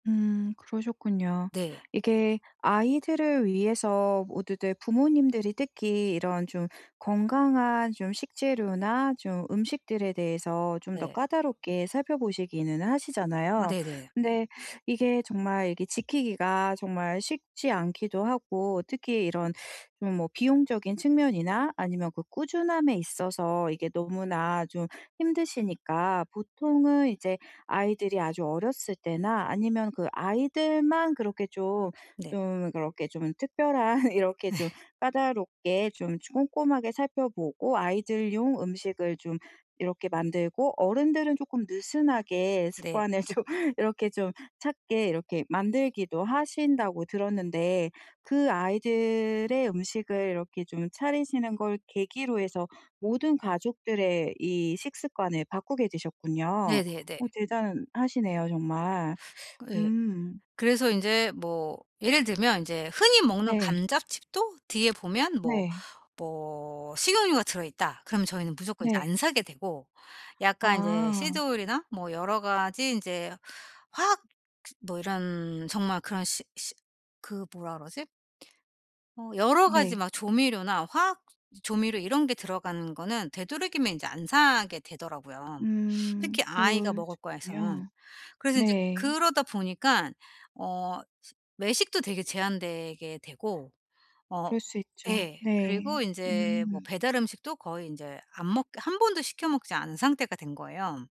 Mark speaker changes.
Speaker 1: 음 그러셨군요.
Speaker 2: 네.
Speaker 1: 이게 아이들을 위해서 모두들 부모님들이 특히 이런 좀 건강한 좀 식재료나 좀 음식들에 대해서 좀 더
Speaker 2: 네.
Speaker 1: 까다롭게 살펴 보시기는
Speaker 2: 아
Speaker 1: 하시잖아요.
Speaker 2: 네네.
Speaker 1: 근데 이게 정말 이게 지키기가 정말 쉽지 않기도 하고 특히 이런 좀 뭐 비용적인 측면이나 아니면 그 꾸준함에 있어서 이게 너무나 좀 힘드시니까 보통은 이제 아이들이 아주 어렸을 때나 아니면 그 아이들만 그렇게 좀,
Speaker 2: 네.
Speaker 1: 좀 그렇게 좀 특별한 이렇게
Speaker 2: 네.
Speaker 1: 좀 까다롭게 좀 꼼꼼하게 살펴 보고 아이들용 음식을 좀 이렇게 만들고 어른들은 쪼끔 느슨하게
Speaker 2: 네.
Speaker 1: 습관을 좀 이렇게 좀 찾게 이렇게 만들기도 하신다고 들었는데 그 아이들의 음식을 이렇게 좀 차리시는 걸 계기로 해서 모든 가족들의 이 식습관을 바꾸게 되셨군요.
Speaker 2: 네네네.
Speaker 1: 어 대단하시네요 정말.
Speaker 2: 그 예.
Speaker 1: 음
Speaker 2: 그래서 인제 뭐 예를 들면 인제 흔히 먹는
Speaker 1: 네.
Speaker 2: 감자칩도 뒤에 보면 뭐
Speaker 1: 네.
Speaker 2: 뭐 식용유가 들어있다. 그러면 저희는 무조건 이제
Speaker 1: 네.
Speaker 2: 안 사게 되고 약간 이제
Speaker 1: 아.
Speaker 2: 시드오일이나 뭐 여러 가지 이제 화학 시 뭐 이런 정말 그런 시 시 그 뭐라 그러지? 어 여러 가지
Speaker 1: 네.
Speaker 2: 막 조 조미료나 화학 조미료 이런 게 들어가는 거는 되도록이면 이제 안 사게 되더라고요.
Speaker 1: 음
Speaker 2: 특히 아이가 먹을 거에서는.
Speaker 1: 그러시군요.
Speaker 2: 그래서 인제
Speaker 1: 네.
Speaker 2: 그러다 보니까 어 시 외식도 되게 제한되게 되고 어
Speaker 1: 그럴 수 있죠.
Speaker 2: 예
Speaker 1: 네.
Speaker 2: 그리고 이제 뭐
Speaker 1: 음.
Speaker 2: 배달 음식도 거의 인제 안 먹게 1 번도 시켜 먹지 않은 상태가 된 거예요.